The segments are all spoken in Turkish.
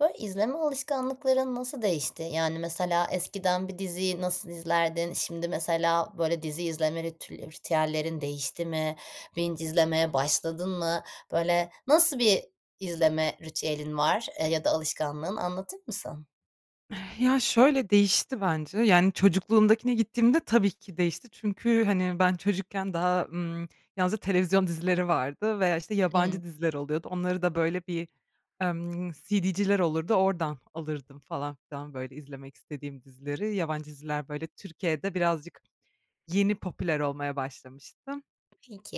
Böyle, izleme alışkanlıkların nasıl değişti? Yani, mesela eskiden bir diziyi nasıl izlerdin? Şimdi mesela, böyle, dizi izleme ritül ritüellerin değişti mi? binge izlemeye başladın mı? Böyle, nasıl bir izleme ritüelin var, eee, ya da alışkanlığın? Anlatır mısın? Eee, ya, şöyle, değişti bence, yani, çocukluğumdakine gittiğimde tabii ki değişti. Çünkü, hani, ben çocukken daha, ımm, yalnızca televizyon dizileri vardı veya, işte, Hımm. yabancı diziler oluyordu. Onları da, böyle, bir, ımm, CD'ciler olurdu oradan alırdım falan filan, böyle, izlemek istediğim dizileri. Yabancı diziler, böyle, Türkiye'de birazcık yeni popüler olmaya başlamıştı.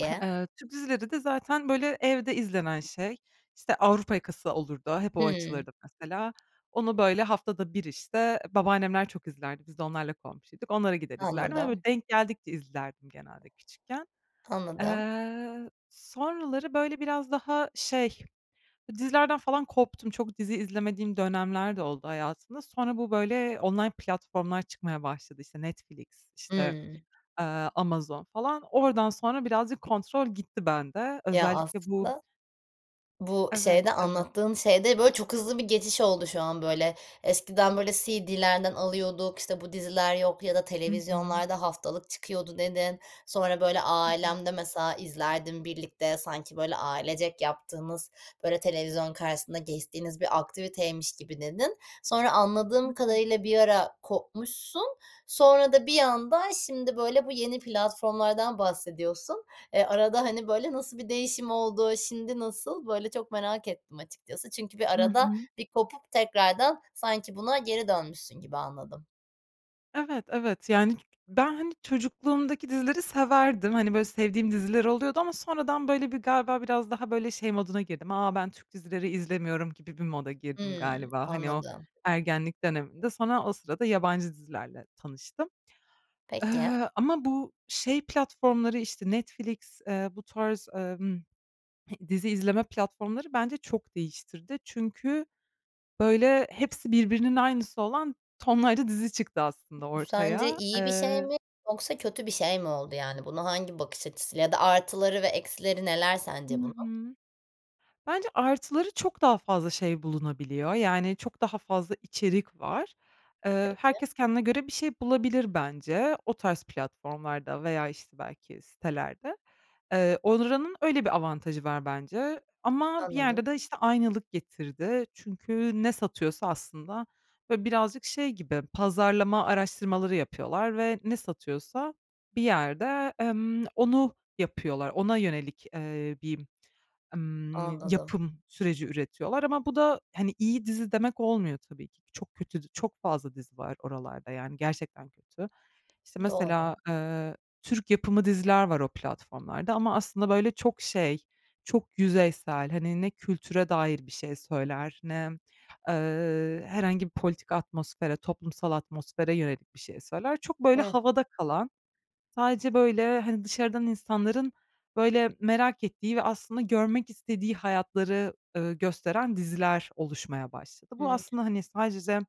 Eee, Türk dizileri de zaten, böyle, evde izlenen şey, işte, Avrupa Yakası olurdu. Hep o Hımm. açılırdı mesela. Onu böyle haftada bir, işte, babaannemler çok izlerdi, biz de onlarla komşuyduk. Onlara gider izlerdim, hani, Anladım. böyle, denk geldikçe izlerdim genelde küçükken. Anladım. Eee, sonraları, böyle, biraz daha, şey, dizilerden falan koptum. Çok dizi izlemediğim dönemler de oldu hayatımda. Sonra bu, böyle, online platformlar çıkmaya başladı, işte, Netflix, işte, Hımm. ııı, Amazon falan. Oradan sonra birazcık kontrol gitti bende. Ya, Özellikle bu aslında bu Evet, şeyde evet. anlattığın şeyde, böyle, çok hızlı bir geçiş oldu şu an, böyle. Eskiden, böyle, CD'lerden alıyorduk. İşte, bu diziler yok ya da Hı hı. televizyonlarda haftalık çıkıyordu, dedin. Sonra, böyle, Evet. ailemle mesela izlerdim birlikte, sanki böyle, ailecek yaptığınız, böyle, televizyon karşısında geçtiğiniz bir aktiviteymiş gibi, dedin. Sonra anladığım Hıı. kadarıyla bir ara kopmuşsun. Sonra da bir anda şimdi, böyle, bu yeni platformlardan bahsediyorsun. E, arada, hani, böyle, nasıl bir değişim oldu, şimdi nasıl? Böyle, çok merak ettim açıkçası, çünkü bir Hı arada hı. bir kopup tekrardan sanki buna geri dönmüşsün gibi anladım. Evet, evet, yani, ben, hani, çocukluğumdaki dizileri severdim. Hani, böyle sevdiğim diziler oluyordu ama sonradan, böyle, bir galiba biraz daha, böyle, şey moduna girdim, "A, ben Türk dizileri izlemiyorum." gibi bir moda girdim Hımm, galiba, hani, o anladım. ergenlik dönemimde. Sonra o sırada yabancı dizilerle tanıştım. Peki. Eee, ama bu şey platformları, işte, Netflix, eee, bu tarz, emm, dizi izleme platformları bence çok değiştirdi. Çünkü, böyle, hepsi birbirinin aynısı olan tonlarca dizi çıktı aslında Bu sence ortaya. iyi bir şey Eee mi yoksa kötü bir şey mi oldu? Yani, buna hangi bakış açısıyla Ya da artıları ve eksileri neler Hı sence bunun? hı. Bence artıları, çok daha fazla şey bulunabiliyor, yani çok daha fazla içerik var. Eee, Peki. herkes kendine göre bir şey bulabilir bence o tarz platformlarda veya, işte, belki sitelerde. Eee, oranın öyle bir avantajı var bence. Ama bir Anladım. yerde de, işte, aynılık getirdi çünkü ne satıyorsa aslında, böyle, birazcık şey gibi pazarlama araştırmaları yapıyorlar ve ne satıyorsa bir yerde, emm, onu yapıyorlar, ona yönelik, eee, bir, emm, Anladım. yapım süreci üretiyorlar ama bu da, hani, iyi dizi demek olmuyor tabii ki. Çok kötü dü çok fazla dizi var oralarda, yani, gerçekten kötü. İşte, Doğru. mesela, eee, Türk yapımı diziler var o platformlarda ama aslında böyle çok şey, çok yüzeysel, hani, ne kültüre dair bir şey söyler ne, eee, herhangi bir politik atmosfere, toplumsal atmosfere yönelik bir şey söyler. Çok, böyle, Hıh. havada kalan, sadece, böyle, hani, dışarıdan insanların, böyle, merak ettiği ve aslında görmek istediği hayatları, ııı, gösteren diziler oluşmaya başladı. Bu Hımm. aslında, hani, sadece,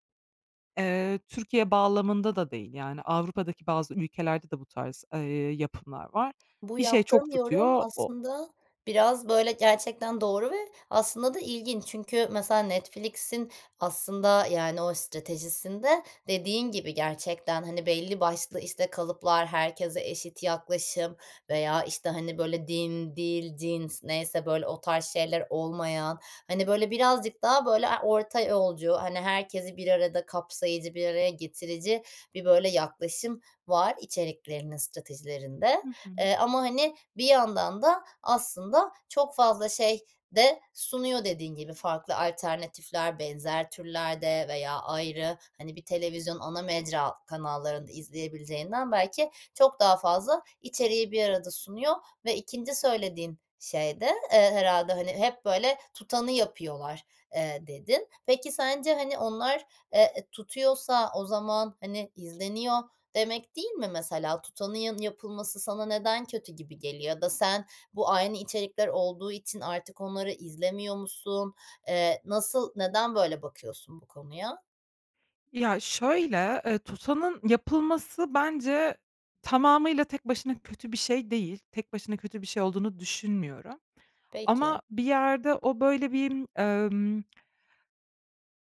eee, Türkiye bağlamında da değil, yani, Avrupa'daki bazı ülkelerde de bu tarz, eee, yapımlar var. Bu Bir şey yaptığın çok yorum tutuyor, o aslında biraz, böyle, gerçekten doğru ve aslında da ilginç çünkü mesela Netflix'in aslında, yani, o stratejisinde dediğin gibi, gerçekten, hani, belli başlı, işte, kalıplar, herkese eşit yaklaşım veya, işte, hani, böyle, din, dil, cins neyse, böyle, o tarz şeyler olmayan, hani, böyle, birazcık daha, böyle, a orta yolcu, hani, herkesi bir arada kapsayıcı, bir araya getirici bir, böyle, yaklaşım var içeriklerinin stratejilerinde. Hı hı. Eee, ama, hani, bir yandan da aslında çok fazla şey de sunuyor, dediğin gibi. Farklı alternatifler benzer türlerde veya ayrı, hani, bir televizyon ana mecra kanallarında izleyebileceğinden belki çok daha fazla içeriği bir arada sunuyor ve 2'nci söylediğin şey de, eee, herhâlde, hani, "Hep, böyle, tutanı yapıyorlar." eee, dedin. Peki sence, hani, onlar, eee, e tutuyorsa o zaman, hani, izleniyor demek, değil mi, mesela? Tutanın yanı yapılması sana neden kötü gibi geliyor ya da sen bu aynı içerikler olduğu için artık onları izlemiyor musun? Eee, nasıl neden böyle bakıyorsun bu konuya? Ya, şöyle, eee, tutanın yapılması bence tamamıyla tek başına kötü bir şey değil. Tek başına kötü bir şey olduğunu düşünmüyorum. Peki. Ama bir yerde o böyle bir emm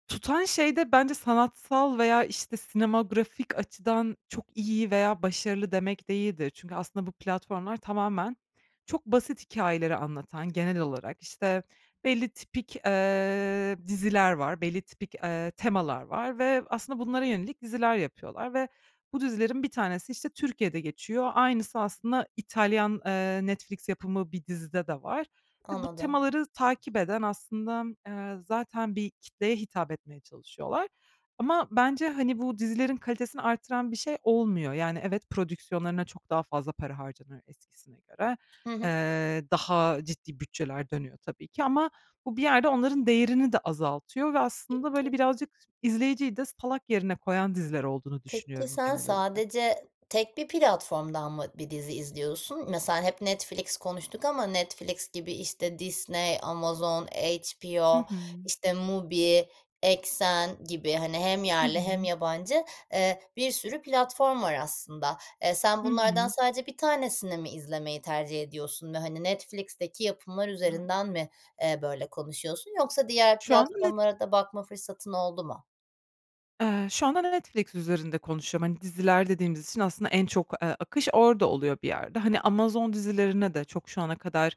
tutan şey de bence sanatsal veya, işte, sinematografik açıdan çok iyi veya başarılı demek değildir. Çünkü aslında bu platformlar tamamen çok basit hikâyeleri anlatan genel olarak, işte, belli tipik, eee, diziler var, belli tipik, eee, temalar var ve aslında bunlara yönelik diziler yapıyorlar ve bu dizilerin bir tanesi, işte, Türkiye'de geçiyor. Aynısı aslında İtalyan, eee, Netflix yapımı bir dizide de var ve bu Anladım. temaları takip eden aslında, eee, zaten bir kitleye hitap etmeye çalışıyorlar. Ama bence, hani, bu dizilerin kalitesini arttıran bir şey olmuyor. Yani, evet, prodüksiyonlarına çok daha fazla para harcanıyor eskisine göre. Hı hı. Eee, daha ciddi bütçeler dönüyor tabii ki ama bu bir yerde onların değerini de azaltıyor ve aslında, Peki. böyle, birazcık izleyiciyi de salak yerine koyan diziler olduğunu Peki, düşünüyorum sen genel olarak. sadece tek bir platformdan mı bir dizi izliyorsun? Mesela hep Netflix konuştuk ama Netflix gibi, işte, Disney, Amazon, Hı HBO, hı. işte MUBI, Exxen gibi, hani, hem Hı yerli hem hı. yabancı, eee, bir sürü platform var aslında. Eee, sen Hı bunlardan hı. sadece 1 tanesini mi izlemeyi tercih ediyorsun ve, hani, Netflix'teki yapımlar Hah. üzerinden mi, eee, böyle konuşuyorsun yoksa diğer Şu anda Net platformlara da bakma fırsatın oldu mu? eee, şu anda Netflix üzerinde konuşuyorum. Hani, diziler dediğimiz için aslında en çok, eee, akış orada oluyor bir yerde. Hani, Amazon dizilerine de çok şu ana kadar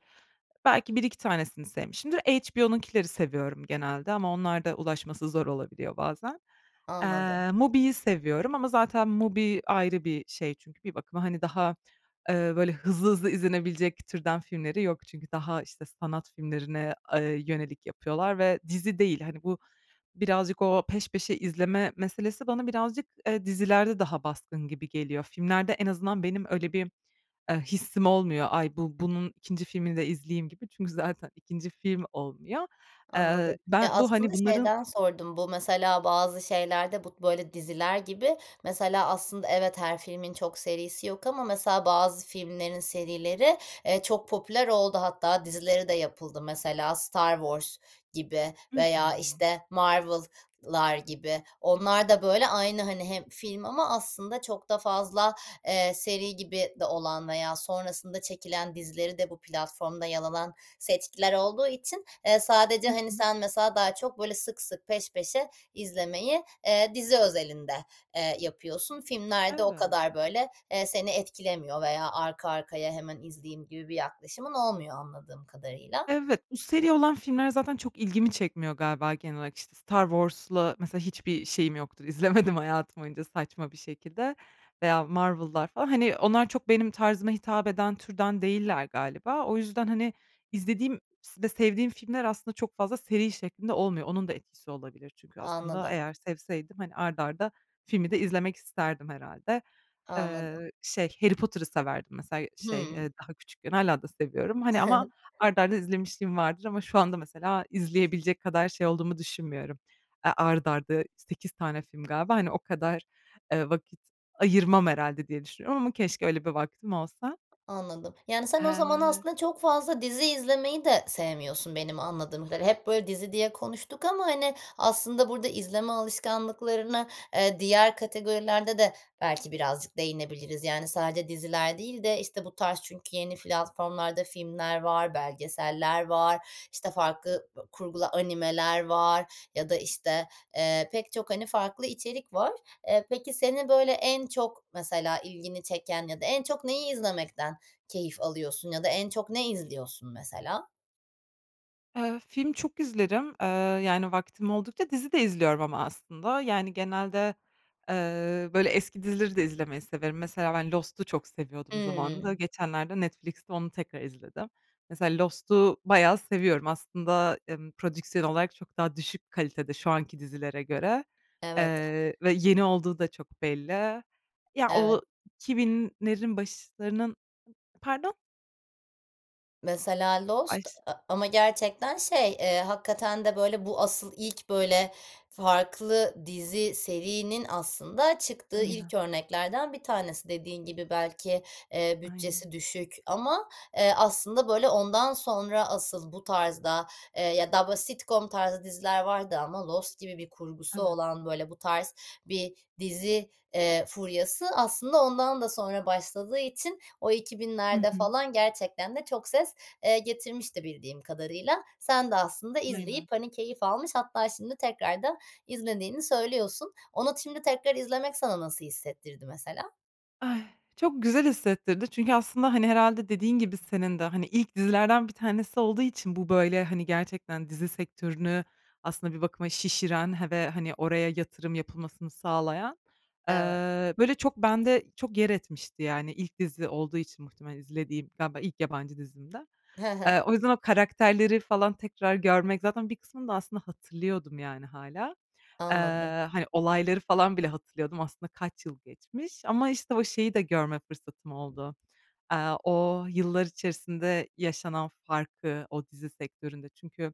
belki 1-2 tanesini sevmişimdir. HBO'nunkileri seviyorum genelde ama onlarda ulaşması zor olabiliyor bazen. Anladım. Eee, MUBI'yi seviyorum ama zaten MUBI ayrı bir şey çünkü bir bakıma, hani, daha, eee, böyle, hızlı hızlı izlenebilecek türden filmleri yok çünkü daha, işte, sanat filmlerine, eee, yönelik yapıyorlar ve dizi değil. Hani, bu birazcık o peş peşe izleme meselesi bana birazcık, eee, dizilerde daha baskın gibi geliyor. Filmlerde en azından benim öyle bir, eee, hissim olmuyor. Ay, bu bunun 2. filmini de izleyeyim gibi çünkü zaten 2. film olmuyor. Eee, Anladım. Ya, ben bu, hani, aslında bunların şeyden sordum. Bu mesela bazı şeylerde bu, böyle, diziler gibi mesela aslında evet, her filmin çok serisi yok ama mesela bazı filmlerin serileri, eee, çok popüler oldu, hatta dizileri de yapıldı. Mesela Star Wars gibi Hı hı. veya, işte, Marvel'lar gibi. Onlar da, böyle, aynı, hani, hem film ama aslında çok da fazla, eee, seri gibi de olan veya sonrasında çekilen dizileri de bu platformda yer alan seçkiler olduğu için, eee, sadece, Hı hani, hı. sen mesela daha çok böyle sık sık, peş peşe izlemeyi, eee, dizi özelinde, eee, yapıyorsun. Filmlerde o Evet. kadar, böyle, eee, seni etkilemiyor veya arka arkaya hemen izleyeyim gibi bir yaklaşımın olmuyor anladığım kadarıyla. Evet, bu seri olan filmler zaten çok ilgimi çekmiyor galiba genel olarak. İşte, Star Wars'la mesela hiçbir şeyim yoktur. İzlemedim hayatım boyunca saçma bir şekilde. Veya Marvel'lar falan, hani, onlar çok benim tarzıma hitap eden türden değiller galiba. O yüzden, hani, izlediğim s ve sevdiğim filmler aslında çok fazla seri şeklinde olmuyor. Onun da etkisi olabilir çünkü aslında Anladım. eğer sevseydim, hani, art arda filmi de izlemek isterdim herhâlde. Anladım. Eee, şey, Harry Potter'ı severdim mesela, şey, Hıı. eee, daha küçükken. Hâlâ da seviyorum. Hani, ama art arda izlemişliğim vardır ama şu anda mesela izleyebilecek kadar şey olduğumu düşünmüyorum. Eee, art arda 8 tane film galiba, hani, o kadar, eee, vakit ayırmam herhâlde diye düşünüyorum ama keşke öyle bir vaktim olsa. Anladım. Yani, sen o zaman Eee aslında çok fazla dizi izlemeyi de sevmiyorsun benim anladığım kadarıyla. Hep, böyle, dizi diye konuştuk ama, hani, aslında burada izleme alışkanlıklarını, eee, diğer kategorilerde de belki birazcık değinebiliriz. Yani, sadece diziler değil de, işte, bu tarz çünkü yeni platformlarda filmler var, belgeseller var, işte, farklı bö kurgulu animeler var ya da, işte, eee, pek çok, hani, farklı içerik var. Eee, peki seni, böyle, en çok mesela ilgini çeken ya da en çok neyi izlemekten keyif alıyorsun ya da en çok ne izliyorsun mesela? Eee, film çok izlerim. Iıı, yani, vaktim oldukça dizi de izliyorum ama aslında. Yani, genelde, eee, böyle, eski dizileri de izlemeyi severim. Mesela ben Lost'u çok seviyordum zamanında. Hıı. Geçenlerde Netflix'te onu tekrar izledim. Mesela Lost'u bayağı seviyorum aslında, emm, prodüksiyon olarak çok daha düşük kalitede şu anki dizilere göre, Evet a eee, ve yeni olduğu da çok belli. Ya, o Evet. 2000'lerin başlarının Pardon? Mesela Ay, Lost ş a ama gerçekten, şey, eee, hakikaten de, böyle, bu asıl ilk, böyle, farklı dizi, serinin aslında çıktığı Aynen. ilk örneklerden bir tanesi. Dediğin gibi belki, eee, Aynen. bütçesi düşük ama, eee, aslında, böyle, ondan sonra asıl bu tarzda, eee, ya da bu sitcom tarzı diziler vardı ama Lost gibi bir kurgusu Evet. olan, böyle, bu tarz bir dizi, eee, furyası aslında ondan da sonra başladığı için o iki Hı binlerde hı. falan gerçekten de çok ses, eee, getirmişti bildiğim kadarıyla. Sen de aslında Aynen. izleyip, hani, keyif almış hatta şimdi tekrardan izlediğini söylüyorsun. Ona t şimdi tekrar izlemek sana nasıl hissettirdi mesela? Ay, çok güzel hissettirdi çünkü aslında, hani, herhâlde dediğin gibi senin de, hani, ilk dizilerden bir tanesi olduğu için bu, böyle, hani, gerçekten dizi sektörünü aslında bir bakıma şişiren he ve, hani, oraya yatırım yapılmasını sağlayan. Evet. Iıı, böyle, çok bende çok yer etmişti, yani. İlk dizi olduğu için muhtemelen izlediğim. Galiba ilk yabancı dizimdi. He he. Iıı, o yüzden o karakterleri falan tekrar görmek, zaten bir kısmını da aslında hatırlıyordum, yani, hâlâ. Anladım. Iıı, hani, olayları falan bile hatırlıyordum aslında kaç yıl geçmiş ama, işte, o şeyi de görme fırsatım oldu. Aaa, o yıllar içerisinde yaşanan farkı, o dizi sektöründe çünkü,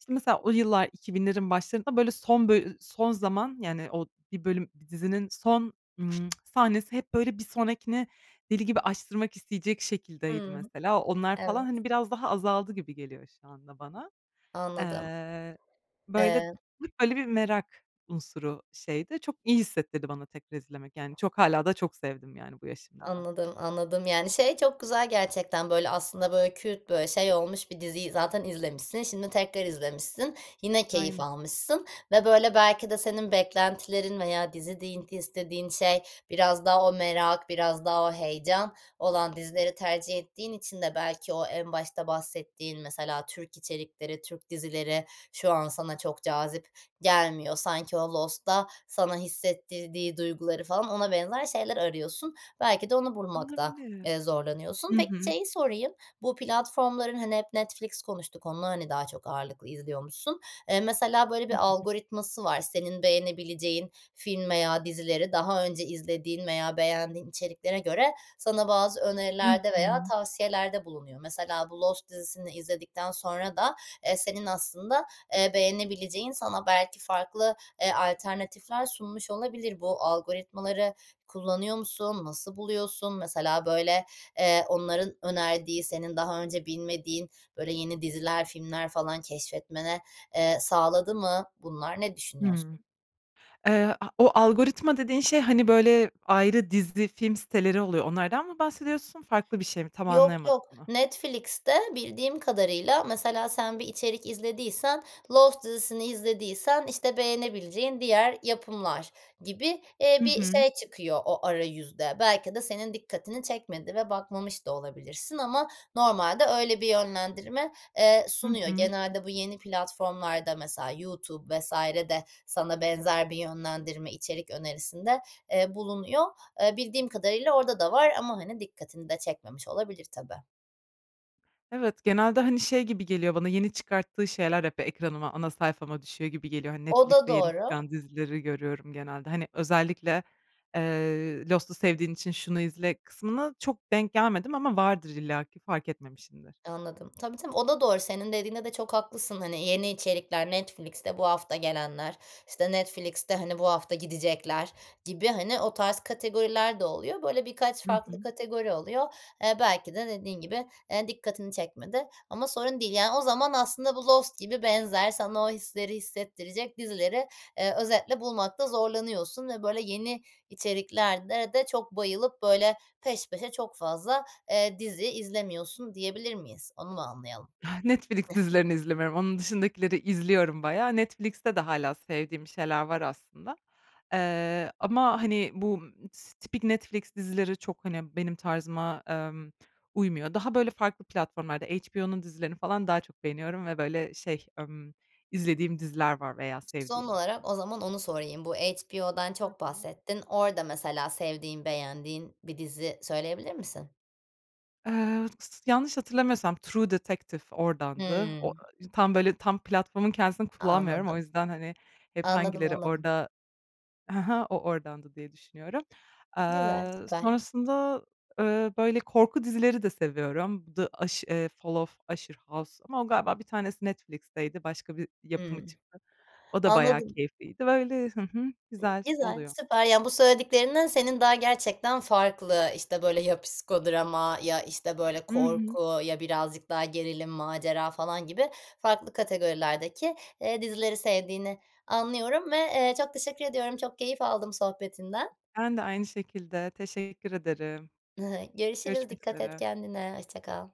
işte, mesela o yıllar 2000'lerin başlarında, böyle, son bölü son zaman, yani, o bir bölüm, dizinin son, ımm, sahnesi hep, böyle, bir sonrakini deli gibi açtırmak isteyecek şekildeydi Hıı. mesela. Onlar falan, Evet. hani, biraz daha azaldı gibi geliyor şu anda bana. Anladım. Eee, böyle, Eee bir merak unsuru şeydi. Çok iyi hissettirdi bana tekrar izlemek, yani, çok hâlâ da çok sevdim, yani, bu yaşımda da. Anladım, anladım. Yani, şey çok güzel gerçekten, böyle, aslında, böyle, kült, böyle, şey olmuş bir diziyi zaten izlemişsin, şimdi tekrar izlemişsin. Yine keyif Aynen. almışsın ve, böyle, belki de senin beklentilerin veya dizi diyin t istediğin şey biraz daha o merak, biraz daha o heyecan olan dizileri tercih ettiğin için de belki o en başta bahsettiğin mesela Türk içerikleri, Türk dizileri şu an sana çok cazip gelmiyor. Sanki o Lost'ta sana hissettirdiği duyguları falan ona benzer şeyler arıyorsun. Belki de onu bulmakta, Olabilir. eee, Hı zorlanıyorsun. Peki, hı. şeyi sorayım, bu platformların, hani, hep Netflix konuştuk, onu, hani, daha çok ağırlıklı izliyormuşsun. Eee, mesela, böyle, bir Hı hı. algoritması var. Senin beğenebileceğin film veya dizileri daha önce izlediğin veya beğendiğin içeriklere göre sana bazı Hı önerilerde veya hı. tavsiyelerde bulunuyor. Mesela bu Lost dizisini izledikten sonra da, eee, senin aslında, eee, beğenebileceğin sana belki farklı, eee, alternatifler sunmuş olabilir. Bu algoritmaları kullanıyor musun? Nasıl buluyorsun? Mesela, böyle, eee, onların önerdiği senin daha önce bilmediğin, böyle, yeni diziler, filmler falan keşfetmene, eee, sağladı mı bunlar? Ne Hıı. düşünüyorsun? Eee, a o algoritma dediğin şey, hani, böyle, ayrı dizi, film siteleri oluyor, onlardan mı bahsediyorsun, farklı bir şey mi? Tam Yok, anlayamadım yok. onu. Netflix'te bildiğim kadarıyla mesela sen bir içerik izlediysen, Lost dizisini izlediysen, işte, beğenebileceğin diğer yapımlar gibi, eee, Hı bir hı. şey çıkıyor o arayüzde. Belki de senin dikkatini çekmedi ve bakmamış da olabilirsin ama normalde öyle bir yönlendirme, eee, Hı sunuyor. hı. Genelde bu yeni platformlarda mesela YouTube vs. de sana benzer bir yönlendirme, içerik önerisinde, eee, bulunuyor. Eee, bildiğim kadarıyla orada da var ama, hani, dikkatini de çekmemiş olabilir tabii. Evet, genelde, hani, şey gibi geliyor bana, yeni çıkarttığı şeyler hep ekranıma, ana sayfama düşüyor gibi geliyor. Hani, O da Netflix'te yeni doğru. çıkan dizileri görüyorum genelde. Hani, özellikle, eee, "Lost'u sevdiğin için şunu izle." kısmına çok denk gelmedim ama vardır illaki fark etmemişimdir. Anladım. Tabii, tabii. O da doğru, senin dediğinde de çok haklısın. Hani, yeni içerikler, Netflix'te bu hafta gelenler, işte, Netflix'te, hani, bu hafta gidecekler gibi, hani, o tarz kategoriler de oluyor. Böyle, birkaç Hı farklı hı. kategori oluyor. Eee, belki de dediğin gibi, eee, dikkatini çekmedi ama sorun değil. Yani, o zaman aslında bu Lost gibi benzer, sana o hisleri hissettirecek dizileri, eee, özetle bulmakta zorlanıyorsun ve, böyle, yeni içeriklerde de çok bayılıp, böyle, peş peşe, çok fazla, eee, dizi izlemiyorsun diyebilir miyiz? Onu mu anlayalım? Netflix dizilerini izlemiyorum. Onun dışındakileri izliyorum bayağı. Netflix'te de hâlâ sevdiğim şeyler var aslında, eee, ama, hani, bu, ımm, tıs tipik Netflix dizileri çok, hani, benim tarzıma, emm, uymuyor. Daha, böyle, farklı platformlarda HBO'nun dizilerini falan daha çok beğeniyorum ve, böyle, şey, ımm, izlediğim diziler var veya Son sevdiğim olarak o aslında. zaman onu sorayım. Bu HBO'dan Hı çok hı. bahsettin. Orada mesela sevdiğin, beğendiğin bir dizi söyleyebilir misin? Eee, s s yanlış hatırlamıyorsam True Detective oradandı. O Hımm. ııı, tam, böyle, tam platformun kendisini kullanmıyorum o Anladım. yüzden, hani, hep Anladım, hangileri anladım. orada, "Hı hı, o, oradandı." diye düşünüyorum. Güzel, Aaa, süper. sonrasında, ııı, böyle, korku dizileri de seviyorum The Ush eee, Fall of Usher House ama o galiba bir tanesi Netflix'teydi başka bir yapımı Hımm. çıktı. O da bayağı Anladım. keyifliydi. Böyle Hı hı, güzel Güzel, oluyor. süper. Ya, bu söylediklerinden senin daha gerçekten farklı, işte, böyle, ya psikodrama ya, işte, böyle, Hı hı. korku ya birazcık daha gerilim, macera falan gibi farklı kategorilerdeki, eee, dizileri sevdiğini anlıyorum ve, eee, çok teşekkür ediyorum, çok keyif aldım sohbetinden. Ben de aynı şekilde, teşekkür ederim. Görüşürüz. Görüşmek Dikkat et üzere. kendine, hoşça kal.